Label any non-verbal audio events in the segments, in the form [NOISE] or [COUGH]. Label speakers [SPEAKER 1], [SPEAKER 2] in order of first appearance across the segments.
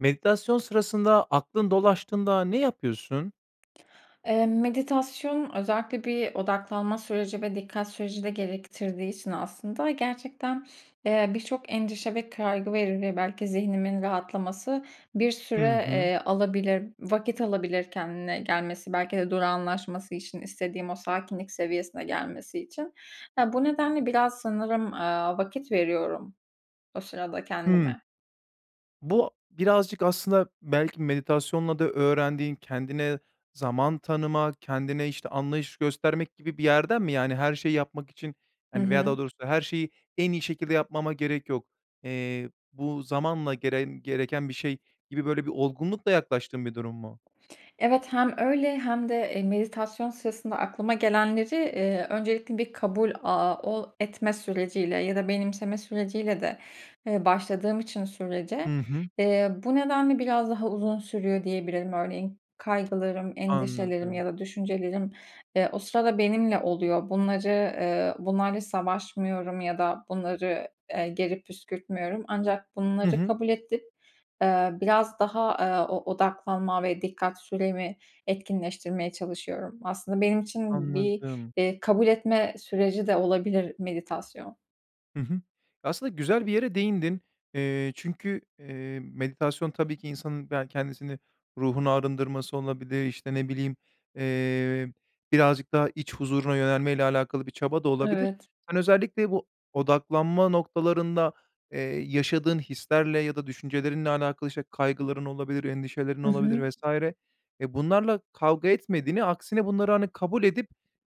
[SPEAKER 1] Meditasyon sırasında aklın dolaştığında ne yapıyorsun?
[SPEAKER 2] Eee, meditasyon özellikle bir odaklanma süreci ve dikkat süreci de gerektirdiği için aslında gerçekten, eee, birçok endişe ve kaygı veri belki zihnimin rahatlaması bir
[SPEAKER 1] Hı
[SPEAKER 2] süre,
[SPEAKER 1] hı.
[SPEAKER 2] eee, alabilir, vakit alabilir kendine gelmesi belki de durağanlaşması için istediğim o sakinlik seviyesine gelmesi için. Eee, bu nedenle biraz sanırım, eee, vakit veriyorum o sırada
[SPEAKER 1] Hıı.
[SPEAKER 2] kendime.
[SPEAKER 1] Bu birazcık aslında belki meditasyonla da öğrendiğin, kendine zaman tanıma, kendine işte anlayış göstermek gibi bir yerden mi? Yani, her şeyi yapmak için,
[SPEAKER 2] Hı
[SPEAKER 1] hani, veya daha
[SPEAKER 2] hı.
[SPEAKER 1] doğrusu her şeyi en iyi şekilde yapmama gerek yok, eee, bu zamanla geren gereken bir şey gibi böyle bir olgunlukla yaklaştığın bir durum mu?
[SPEAKER 2] Evet hem öyle hem de, eee, meditasyon sırasında aklıma gelenleri, eee, öncelikle bir kabul, aaa, ooo, etme süreci ile ya da benimseme süreci ile de, eee, başladığım için sürece,
[SPEAKER 1] Hı hı.
[SPEAKER 2] eee, bu nedenle biraz daha uzun sürüyor diyebilirim. Örneğin kaygılarım, endişelerim ya
[SPEAKER 1] Anladım.
[SPEAKER 2] da düşüncelerim, eee, o sırada benimle oluyor. Bunları, eee, bunlarla savaşmıyorum ya da bunları, eee, geri püskürtmüyorum. Ancak
[SPEAKER 1] Hı
[SPEAKER 2] bunları
[SPEAKER 1] hı.
[SPEAKER 2] kabul edip, eee, biraz daha, eee, o odaklanma ve dikkat süremi etkinleştirmeye çalışıyorum. Aslında benim için bir,
[SPEAKER 1] Anladım.
[SPEAKER 2] eee, kabul etme süreci de olabilir meditasyon.
[SPEAKER 1] Hı hı. Aslında güzel bir yere değindin. Eee, çünkü, eee, meditasyon tabii ki insanın ya kendisini ruhunu arındırması olabilir, işte ne bileyim, eee, birazcık daha iç huzuruna yönelme ile alakalı bir çaba da olabilir.
[SPEAKER 2] Evet.
[SPEAKER 1] Sen özellikle bu odaklanma noktalarında, eee, yaşadığın hislerle ya da düşüncelerinle alakalı, işte kaygıların olabilir, endişelerin
[SPEAKER 2] Hı
[SPEAKER 1] olabilir
[SPEAKER 2] hı.
[SPEAKER 1] vs. Eee, bunlarla kavga etmediğini aksine bunları hani kabul edip,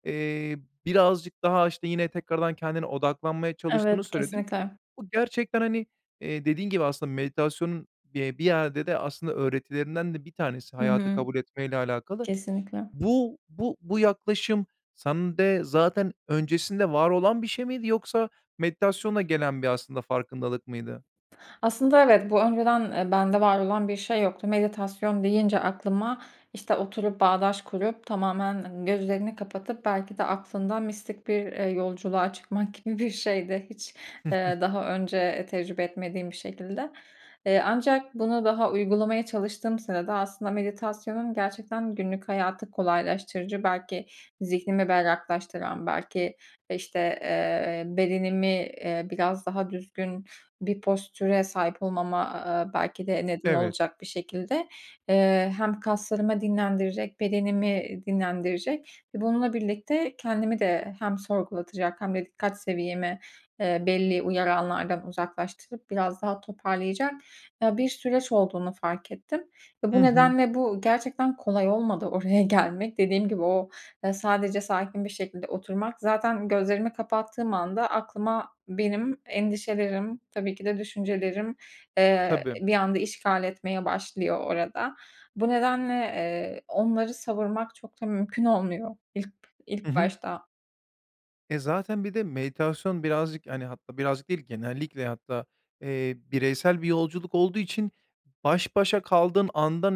[SPEAKER 1] eee, birazcık daha aşta yine tekrardan kendine odaklanmaya çalıştığını
[SPEAKER 2] Evet
[SPEAKER 1] söyledin.
[SPEAKER 2] kesinlikle.
[SPEAKER 1] Bu gerçekten hani, eee, dediğin gibi aslında meditasyonun, eee, bir yerde de aslında öğretilerinden de bir tanesi,
[SPEAKER 2] Hı
[SPEAKER 1] hayatı
[SPEAKER 2] hı.
[SPEAKER 1] kabul etmeyle alakalı.
[SPEAKER 2] Kesinlikle.
[SPEAKER 1] Bu, bu, bu yaklaşım sende zaten öncesinde var olan bir şey miydi yoksa meditasyonla gelen bir aslında farkındalık mıydı?
[SPEAKER 2] Aslında evet, bu öngören, eee, bende var olan bir şey yoktu. Meditasyon deyince aklıma işte oturup, bağdaş kurup, tamamen gözlerini kapatıp, belki de aklında mistik bir, eee, yolculuğa çıkmak gibi bir şeydi. Hiç,
[SPEAKER 1] [CHUCKLES]
[SPEAKER 2] eee, daha önce tecrübe etmediğim bir şekilde. Eee, ancak bunu daha uygulamaya çalıştığım sırada aslında meditasyonun gerçekten günlük hayatı kolaylaştırıcı, belki zihnimi berraklaştıran belki işte, eee, bedenimi, eee, biraz daha düzgün bir postüre sahip olmama, aaa, belki de neden
[SPEAKER 1] Evet.
[SPEAKER 2] olacak bir şekilde, eee, hem kaslarımı dinlendirecek, bedenimi dinlendirecek ve bununla birlikte kendimi de hem sorgulatacak hem de dikkat seviyemi, eee, belli uyaranlardan uzaklaştırıp biraz daha toparlayacak, eee, bir süreç olduğunu fark ettim. Eee,
[SPEAKER 1] Hı
[SPEAKER 2] bu
[SPEAKER 1] hı.
[SPEAKER 2] nedenle bu gerçekten kolay olmadı oraya gelmek. Dediğim gibi o, aaa, sadece sakin bir şekilde oturmak... Zaten gözlerimi kapattığım anda aklıma benim endişelerim, tabii ki de düşüncelerim, eee,
[SPEAKER 1] Tabii.
[SPEAKER 2] bir anda işgal etmeye başlıyor orada. Bu nedenle, eee, onları savurmak çok da mümkün olmuyor ilk b
[SPEAKER 1] Hı
[SPEAKER 2] ilk
[SPEAKER 1] hı.
[SPEAKER 2] başta.
[SPEAKER 1] E, zaten bir de meditasyon birazcık, hani, hatta birazcık değil genellikle hatta, eee, bireysel bir yolculuk olduğu için baş başa kaldığın andan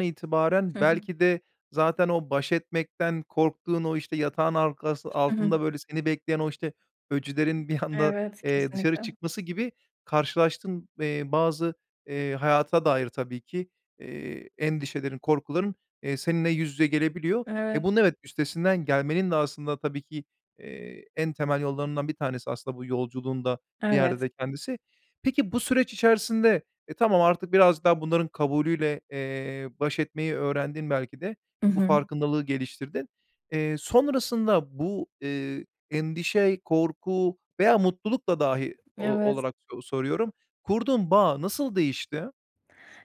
[SPEAKER 2] Hı
[SPEAKER 1] itibaren
[SPEAKER 2] hı.
[SPEAKER 1] belki de zaten o baş etmekten korktuğun o, işte, yatağın arkası
[SPEAKER 2] Hı hı.
[SPEAKER 1] altında, böyle, seni bekleyen o, işte, öcülerin bir anda,
[SPEAKER 2] Evet,
[SPEAKER 1] eee, dışarı
[SPEAKER 2] kesinlikle.
[SPEAKER 1] çıkması gibi karşılaştığın, eee, bazı, eee, hayata dair tabii ki, eee, endişelerin, korkuların, eee, seninle yüz yüze gelebiliyor. Eee,
[SPEAKER 2] Evet.
[SPEAKER 1] bunun evet, üstesinden gelmenin de aslında tabii ki, eee, en temel yollarından bir tanesi, aslında bu yolculuğun da bir yerde
[SPEAKER 2] Evet.
[SPEAKER 1] de kendisi. Peki, bu süreç içerisinde e, tamam artık biraz daha bunların kabulüyle, eee, baş etmeyi öğrendin belki de
[SPEAKER 2] I
[SPEAKER 1] bu
[SPEAKER 2] hı.
[SPEAKER 1] farkındalığı geliştirdin. Eee, sonrasında bu, eee, endişe, korku veya mutluluk da dahi o
[SPEAKER 2] Evet.
[SPEAKER 1] olarak soru soruyorum, kurduğun bağ nasıl değişti?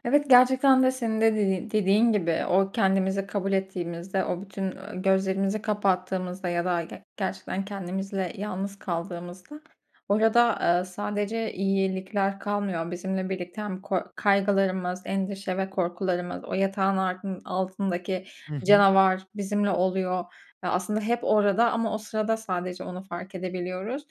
[SPEAKER 2] Evet, gerçekten de senin de dediğ dediğin gibi, o, kendimizi kabul ettiğimizde, o, bütün, ııı, gözlerimizi kapattığımızda ya da ge gerçekten kendimizle yalnız kaldığımızda orada, ııı, sadece iyelikler kalmıyor. Bizimle birlikte hem ko kaygılarımız, endişe ve korkularımız, o yatağın ardın altındaki
[SPEAKER 1] Hı hı.
[SPEAKER 2] canavar bizimle oluyor. Ya, aslında hep orada ama o sırada sadece onu fark edebiliyoruz.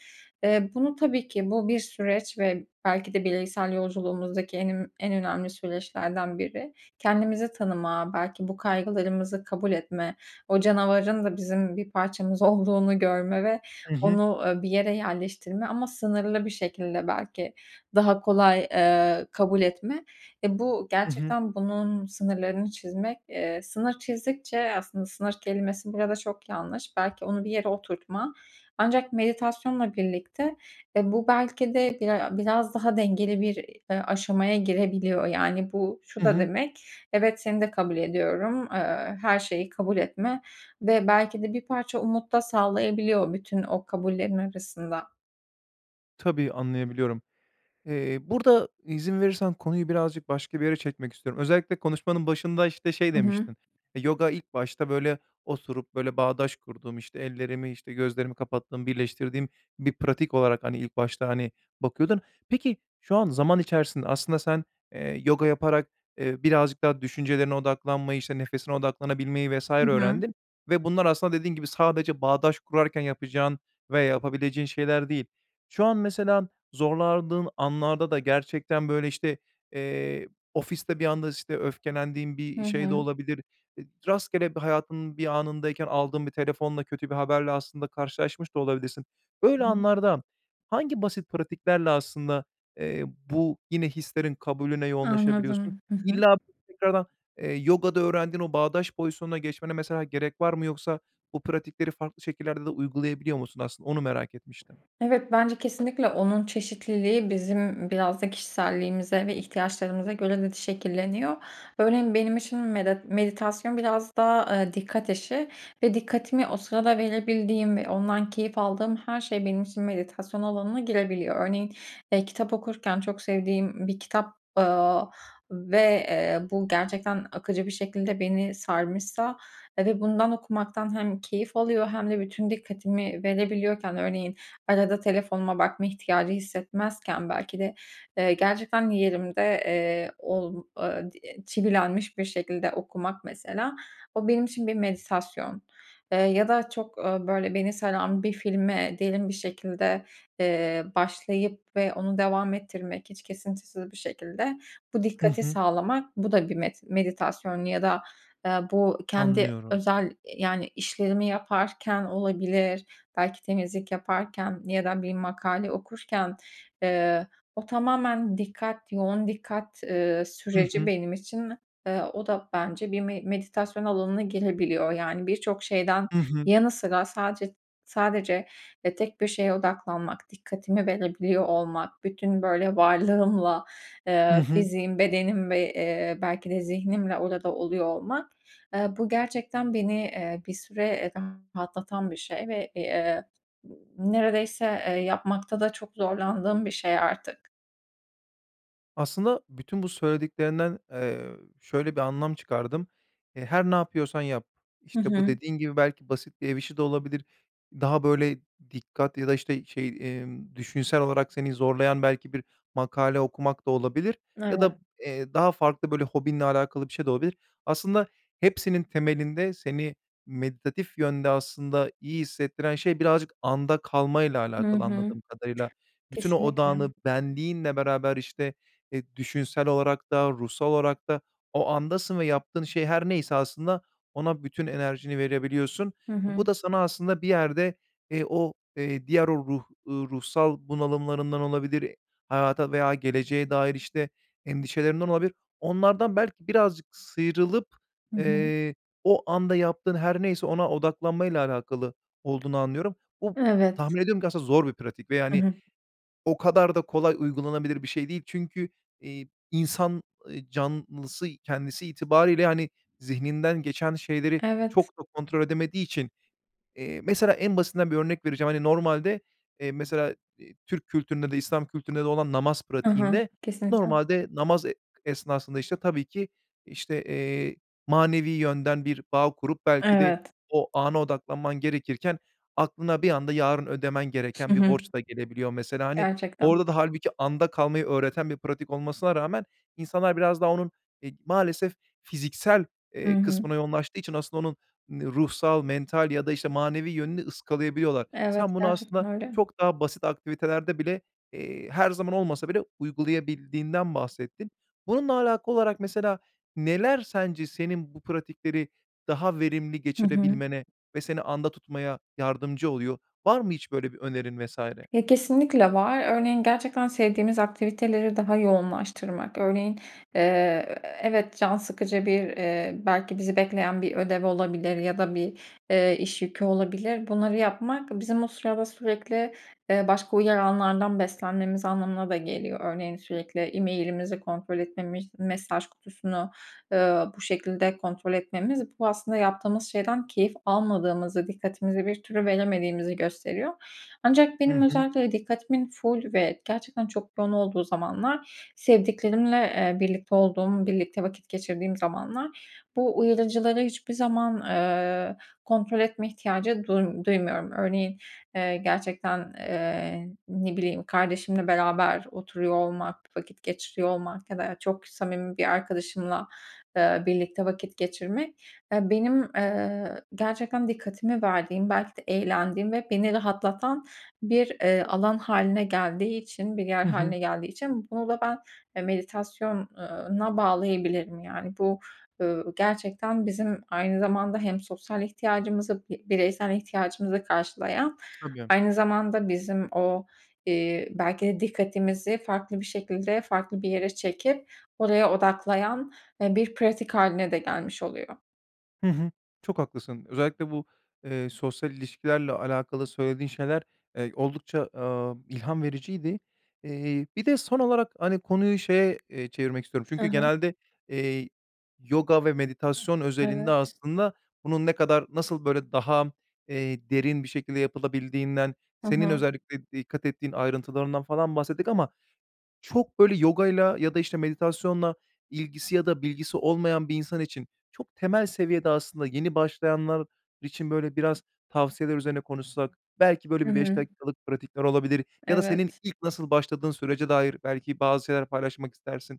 [SPEAKER 2] Eee, bunu tabii ki bu, bir süreç ve belki de bireysel yolculuğumuzdaki en im en önemli süreçlerden biri. Kendimizi tanıma, belki bu kaygılarımızı kabul etme, o canavarın da bizim bir parçamız olduğunu görme ve
[SPEAKER 1] I hı.
[SPEAKER 2] onu, ııı, bir yere yerleştirme ama sınırlı bir şekilde belki daha kolay, eee, kabul etme. Eee, bu,
[SPEAKER 1] I hı.
[SPEAKER 2] gerçekten bunun sınırlarını çizmek, eee, sınır çizdikçe, eee, aslında sınır kelimesi burada çok yanlış. Belki onu bir yere oturtma. Ancak meditasyonla birlikte, eee, bu belki de biray a biraz daha dengeli bir, eee, aşamaya girebiliyor. Yani, bu, şu
[SPEAKER 1] I
[SPEAKER 2] da
[SPEAKER 1] hı.
[SPEAKER 2] demek, evet seni de kabul ediyorum, eee, her şeyi kabul etme ve belki de bir parça umut da sağlayabiliyor o bütün o kabullerin arasında.
[SPEAKER 1] Tabii, anlayabiliyorum. Eee, burada izin verirsen konuyu birazcık başka bir yere çekmek istiyorum. Özellikle konuşmanın başında, işte, şey
[SPEAKER 2] I hı.
[SPEAKER 1] demiştin. Eee, yoga ilk başta böyle oturup, böyle, bağdaş kurduğum, işte, ellerimi, işte, gözlerimi kapattığım, birleştirdiğim bir pratik olarak, hani, ilk başta, hani, bakıyordun. Peki, şu an zaman içerisinde aslında sen, eee, yoga yaparak, eee, birazcık daha düşüncelerine odaklanmayı, işte, nefesine odaklanabilmeyi, vs.
[SPEAKER 2] Hı hı.
[SPEAKER 1] öğrendin ve bunlar aslında dediğin gibi sadece bağdaş kurarken yapacağın veya yapabileceğin şeyler değil. Şu an mesela zorlandığın anlarda da gerçekten, böyle, işte, eee, ofiste bir anda, işte, öfkelendiğin
[SPEAKER 2] Hı
[SPEAKER 1] bir şey de
[SPEAKER 2] hı.
[SPEAKER 1] olabilir, eee, rastgele hayatın bir anındayken aldığın bir telefonla kötü bir haberle aslında karşılaşmış da olabilirsin. Böyle
[SPEAKER 2] [UNINTELLIGIBLE]
[SPEAKER 1] anlarda hangi basit pratiklerle aslında, eee, bu yine hislerin kabulüne yoğunlaşabiliyorsun?
[SPEAKER 2] Anladım. Hı hı.
[SPEAKER 1] İlla [UNINTELLIGIBLE] eee, yogada öğrendiğin o bağdaş pozisyonuna geçmene, mesela, gerek var mı yoksa bu pratikleri farklı şekillerde de uygulayabiliyor musun aslında, onu merak etmiştim.
[SPEAKER 2] Evet, bence kesinlikle onun çeşitliliği bizim biraz da kişiselliğimize ve ihtiyaçlarımıza göre de şekilleniyor. Örneğin, benim için medet meditasyon biraz daha, eee, dikkat işi ve dikkatimi o sırada verebildiğim ve ondan keyif aldığım her şey benim için meditasyon alanına girebiliyor. Örneğin, eee, kitap okurken çok sevdiğim bir kitap, aaa, ve, eee, bu gerçekten akıcı bir şekilde beni sarmışsa ve bundan okumaktan hem keyif alıyor hem de bütün dikkatimi verebiliyorken, örneğin, arada telefonuma bakma ihtiyacı hissetmezken, belki de, eee, gerçekten yerimde, eee, ol eee, di çivilenmiş bir şekilde okumak, mesela. O, benim için bir meditasyon. Eee, ya da çok, ooo, böyle beni saran bir filme diyelim, bir şekilde, eee, başlayıp ve onu devam ettirmek, hiç kesintisiz bir şekilde bu
[SPEAKER 1] Hı
[SPEAKER 2] dikkati
[SPEAKER 1] hı.
[SPEAKER 2] sağlamak. Bu da bir met meditasyon ya da, eee, bu kendi
[SPEAKER 1] Anlıyorum.
[SPEAKER 2] özel, yani, işlerimi yaparken olabilir, belki temizlik yaparken ya da bir makale okurken, eee, o tamamen dikkat, yoğun dikkat, ııı,
[SPEAKER 1] Hı
[SPEAKER 2] süreci
[SPEAKER 1] hı.
[SPEAKER 2] benim için, eee, o da bence bir me meditasyon alanına girebiliyor. Yani, birçok şeyden
[SPEAKER 1] Hı hı.
[SPEAKER 2] yanı sıra sadece sadece, e, tek bir şeye odaklanmak, dikkatimi verebiliyor olmak, bütün, böyle, varlığımla,
[SPEAKER 1] Hı
[SPEAKER 2] eee,
[SPEAKER 1] hı.
[SPEAKER 2] fiziğim, bedenim ve, eee, belki de zihnimle orada da oluyor olmak, eee, bu gerçekten beni, eee, bir süre rahatlatan bir şey ve, iii, neredeyse, eee, yapmakta da çok zorlandığım bir şey artık.
[SPEAKER 1] Aslında bütün bu söylediklerinden, ııı, şöyle bir anlam çıkardım. Eee, her ne yapıyorsan yap,
[SPEAKER 2] Hı
[SPEAKER 1] işte, bu
[SPEAKER 2] hı.
[SPEAKER 1] dediğin gibi, belki basit bir ev işi de olabilir, daha böyle, dikkat ya da işte şey, emm, düşünsel olarak seni zorlayan belki bir makale okumak da olabilir ya da,
[SPEAKER 2] Evet.
[SPEAKER 1] eee, daha farklı böyle hobinle alakalı bir şey de olabilir. Aslında hepsinin temelinde seni méditatif yönde aslında iyi hissettiren şey birazcık anda kalmayla
[SPEAKER 2] Hı
[SPEAKER 1] alakalı
[SPEAKER 2] hı.
[SPEAKER 1] anladığım kadarıyla. Bütün o
[SPEAKER 2] Kesinlikle.
[SPEAKER 1] odağını benliğinle beraber işte, eee, düşünsel olarak da ruhsal olarak da, o andasın ve yaptığın şey her neyse aslında ona bütün enerjini verebiliyorsun.
[SPEAKER 2] Hı hı.
[SPEAKER 1] Bu da sana aslında bir yerde, eee, o, eee, diğer o ruh, eee, ruhsal bunalımlarından olabilir, hayata veya geleceğe dair işte endişelerinden olabilir. Onlardan belki birazcık sıyrılıp,
[SPEAKER 2] Hı hı.
[SPEAKER 1] eee, o anda yaptığın her neyse ona odaklanmayla alakalı olduğunu anlıyorum. Bu
[SPEAKER 2] Evet.
[SPEAKER 1] tahmin ediyorum ki aslında zor bir pratik ve
[SPEAKER 2] Hı
[SPEAKER 1] yani
[SPEAKER 2] hı.
[SPEAKER 1] o kadar da kolay uygulanabilir bir şey değil. Çünkü, iii, insan, ııı, canlısı kendisi itibariyle hani zihninden geçen şeyleri
[SPEAKER 2] Evet.
[SPEAKER 1] çok da kontrol edemediği için, eee, mesela en basitinden bir örnek vereceğim, hani normalde, eee, mesela, ııı, Türk kültüründe de,e İslam kültüründe de olan namaz
[SPEAKER 2] Hı hı,
[SPEAKER 1] pratiğinde
[SPEAKER 2] kesinlikle.
[SPEAKER 1] normalde namaz, e esnasında işte tabii ki işte, eee, manevi yönden bir bağ kurup belki de
[SPEAKER 2] Evet.
[SPEAKER 1] o ana odaklanman gerekirken, aklına bir anda yarın ödemen
[SPEAKER 2] Hı
[SPEAKER 1] gereken bir
[SPEAKER 2] hı.
[SPEAKER 1] borç da gelebiliyor mesela. Hani
[SPEAKER 2] Gerçekten.
[SPEAKER 1] orda da hâlbuki anda kalmayı öğreten bir pratik olmasına rağmen insanlar biraz daha onun, eee, maalesef fiziksel,
[SPEAKER 2] Hı
[SPEAKER 1] ııı,
[SPEAKER 2] hı.
[SPEAKER 1] kısmına yoğunlaştığı için aslında onun ruhsal, mental ya da, işte, manevi yönünü ıskalayabiliyorlar.
[SPEAKER 2] Evet,
[SPEAKER 1] Sen bunu
[SPEAKER 2] gerçekten
[SPEAKER 1] aslında
[SPEAKER 2] öyle.
[SPEAKER 1] çok daha basit aktivitelerde bile, eee, her zaman olmasa bile uygulayabildiğinden bahsettin. Bununla alakalı olarak mesela neler sence senin bu pratikleri daha verimli
[SPEAKER 2] Hı hı.
[SPEAKER 1] geçirebilmene ve seni anda tutmaya yardımcı oluyor? Var mı hiç böyle bir önerin vs.
[SPEAKER 2] Ya, kesinlikle var. Örneğin gerçekten sevdiğimiz aktiviteleri daha yoğunlaştırmak. Örneğin, eee, e evet can sıkıcı bir, ııı, belki bizi bekleyen bir ödev olabilir ya da bir, eee, iş yükü olabilir. Bunları yapmak bizim o sırada sürekli, eee, başka uyaranlardan beslenmemiz anlamına da geliyor. Örneğin sürekli e-mail'imizi kontrol etmemiz, mesaj kutusunu, ııı, bu şekilde kontrol etmemiz bu aslında yaptığımız şeyden keyif almadığımızı, dikkatimizi bir türlü veremediğimizi gösteriyor. Ancak
[SPEAKER 1] Hı
[SPEAKER 2] benim
[SPEAKER 1] hı.
[SPEAKER 2] özellikle dikkatimin ful ve gerçekten çok yoğun olduğu zamanlar sevdiklerimle, eee, birlikte olduğum, birlikte vakit geçirdiğim zamanlar bu uyarıcıları hiçbir zaman, ııı, kontrol etme ihtiyacı duym duymuyorum. Örneğin, eee, gerçekten, eee, ne bileyim kardeşimle beraber oturuyor olmak, vakit geçiriyor olmak ya da, eee, çok samimi bir arkadaşımla, ııı, birlikte vakit geçirmek, aaa, benim, ııı, gerçekten dikkatimi verdiğim, belki de eğlendiğim ve beni rahatlatan bir, eee, alan hâline geldiği için, bir yer
[SPEAKER 1] Hı hı.
[SPEAKER 2] hâline geldiği için bunu da ben, eee, meditasyon, ııı, na bağlayabilirim. Yani bu, ııı, gerçekten bizim aynı zamanda hem sosyal ihtiyacımızı, bi bireysel ihtiyacımızı karşılayan
[SPEAKER 1] Tabii.
[SPEAKER 2] aynı zamanda bizim o, iii, belki de dikkatimizi farklı bir şekilde farklı bir yere çekip oraya odaklayan, eee, bir pratik hâline de gelmiş oluyor.
[SPEAKER 1] Hı hı. Çok haklısın. Özellikle bu, eee, sosyal ilişkilerle alakalı söylediğin şeyler, eee, oldukça, aaa, ilham vericiydi. Eee, bir de son olarak, hani, konuyu şeye, eee, çevirmek istiyorum.
[SPEAKER 2] Hı
[SPEAKER 1] Çünkü
[SPEAKER 2] hı.
[SPEAKER 1] genelde, eee, yoga ve meditasyon özelinde
[SPEAKER 2] Evet.
[SPEAKER 1] aslında bunun ne kadar, nasıl böyle daha, eee, derin bir şekilde yapılabildiğinden,
[SPEAKER 2] Hı
[SPEAKER 1] senin
[SPEAKER 2] hı.
[SPEAKER 1] özellikle dikkat ettiğin ayrıntılarından falan bahsettik ama çok, böyle, yogayla ya da, işte, meditasyonla ilgisi ya da bilgisi olmayan bir insan için çok temel seviyede aslında, yeni, başlayanlar için, böyle, biraz tavsiyeler üzerine konuşsak belki, böyle,
[SPEAKER 2] Hı
[SPEAKER 1] bir 5
[SPEAKER 2] hı.
[SPEAKER 1] dakikalık pratikler olabilir ya da senin
[SPEAKER 2] Evet.
[SPEAKER 1] ilk nasıl başladığın sürece dair belki bazı şeyler paylaşmak istersin.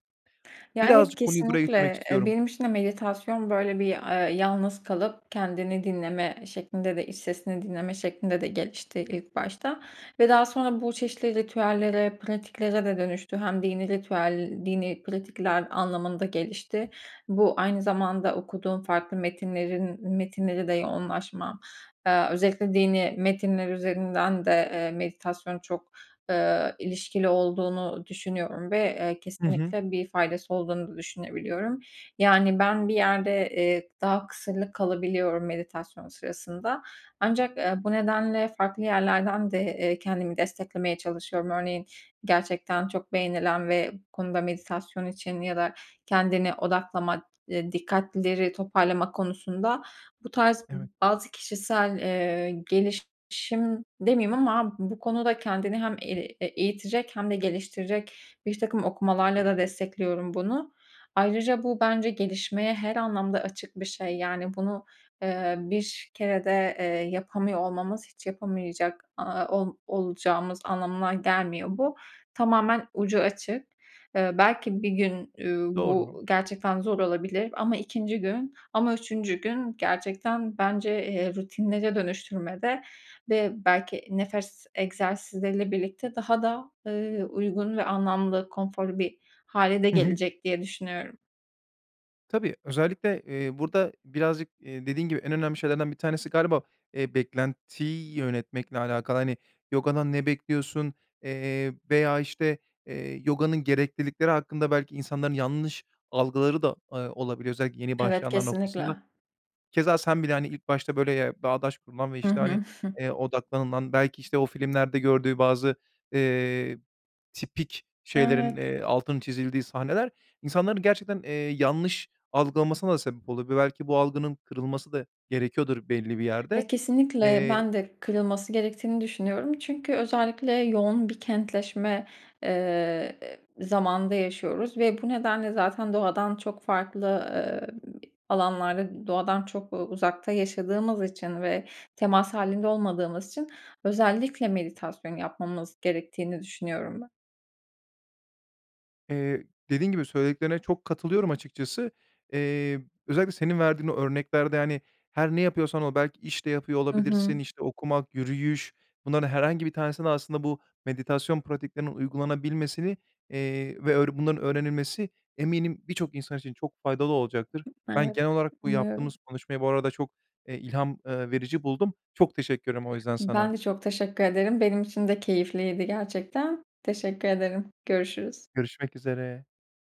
[SPEAKER 2] Ya, evet
[SPEAKER 1] Birazcık konuyu buraya getirmek
[SPEAKER 2] kesinlikle. Eee,
[SPEAKER 1] istiyorum.
[SPEAKER 2] benim için de meditasyon, böyle, bir, eee, yalnız kalıp kendini dinleme şeklinde de iç sesini dinleme şeklinde de gelişti ilk başta ve daha sonra bu çeşitli ritüellere, pratiklere de dönüştü. Hem dinî ritüel, dinî pratikler anlamında gelişti. Bu, aynı zamanda okuduğum farklı metinlerin metinlere de yoğunlaşma, eee, özellikle dinî metinler üzerinden de, eee, meditasyon çok, ııı, ilişkili olduğunu düşünüyorum ve, eee,
[SPEAKER 1] Hı hı.
[SPEAKER 2] kesinlikle bir faydası olduğunu da düşünebiliyorum. Yani ben, bir yerde, eee, daha kısırlık kalabiliyorum meditasyon sırasında. Ancak, eee, bu nedenle farklı yerlerden de, eee, kendimi desteklemeye çalışıyorum. Örneğin, gerçekten çok beğenilen ve bu konuda meditasyon için ya da kendini odaklama, eee, dikkatleri toparlama konusunda bu tarz
[SPEAKER 1] Evet.
[SPEAKER 2] bazı kişisel, eee, gelişim demeyeyim ama bu konuda kendini hem el eee, eğitecek hem de geliştirecek birtakım okumalarla da destekliyorum bunu. Ayrıca, bu bence gelişmeye her anlamda açık bir şey. Yani, bunu, eee, bir kerede, eee, yapamıyor olmamız hiç yapamayacak, aaa, ol olacağımız anlamına gelmiyor bu. Tamamen ucu açık. Eee, belki bir gün, üüü,
[SPEAKER 1] Doğru.
[SPEAKER 2] bu gerçekten zor olabilir ama 2'nci gün ama 3'üncü gün gerçekten bence, eee, rutinlere dönüştürmede ve belki nefes egzersizleriyle birlikte daha da, ııı, uygun ve anlamlı, konforlu bir hâle de
[SPEAKER 1] Hı hı.
[SPEAKER 2] gelecek diye düşünüyorum.
[SPEAKER 1] Tabii özellikle, eee, burda birazcık, eee, dediğin gibi en önemli şeylerden bir tanesi galiba, eee, beklentiyi yönetmekle alakalı. Hani yogadan ne bekliyorsun, eee, veya işte, eee, yoganın gereklilikleri hakkında belki insanların yanlış algıları da, eee, olabiliyor, özellikle yeni
[SPEAKER 2] Evet
[SPEAKER 1] başlayanlar
[SPEAKER 2] kesinlikle.
[SPEAKER 1] noktasında. Keza sen bile hani ilk başta böyle, eee, bağdaş kurulan ve
[SPEAKER 2] Hı
[SPEAKER 1] işte hani,
[SPEAKER 2] hı. [SCOFFS]
[SPEAKER 1] eee, odaklanılan, belki işte o filmlerde gördüğü bazı, eee, tipik
[SPEAKER 2] Evet.
[SPEAKER 1] şeylerin, eee, altının çizildiği sahneler insanların gerçekten, eee, yanlış algılamasına da sebep olabiliyor ve belki bu algının kırılması da gerekiyordur belli bir yerde.
[SPEAKER 2] Ya kesinlikle
[SPEAKER 1] Eee
[SPEAKER 2] ben de kırılması gerektiğini düşünüyorum. Çünkü özellikle yoğun bir kentleşme, eee, ı zamanında yaşıyoruz ve bu nedenle zaten doğadan çok farklı, eee, alanlarda doğadan çok, eee, uzakta yaşadığımız için ve temas hâlinde olmadığımız için özellikle meditasyon yapmamız gerektiğini düşünüyorum be
[SPEAKER 1] Eee, dediğim gibi söylediklerine çok katılıyorum açıkçası. Eee, özellikle senin verdiğin o örneklerde yani her ne yapıyorsan ol belki iş de yapıyor
[SPEAKER 2] Hı hı.
[SPEAKER 1] olabilirsin, işte okumak, yürüyüş, bunların herhangi bir tanesine de aslında bu meditasyon pratiklerinin uygulanabilmesini, eee, ve ör bunların öğrenilmesi eminim birçok insan için çok faydalı olacaktır.
[SPEAKER 2] Hıh
[SPEAKER 1] Ben
[SPEAKER 2] evet
[SPEAKER 1] genel olarak bu
[SPEAKER 2] umuyorum.
[SPEAKER 1] yaptığımız konuşmayı bu arada çok, eee, ilham, eee, verici buldum. Çok teşekkür ederim o yüzden
[SPEAKER 2] Ben
[SPEAKER 1] sana.
[SPEAKER 2] de çok teşekkür ederim benim için de keyifliydi gerçekten. Teşekkür ederim görüşürüz.
[SPEAKER 1] Görüşmek üzere.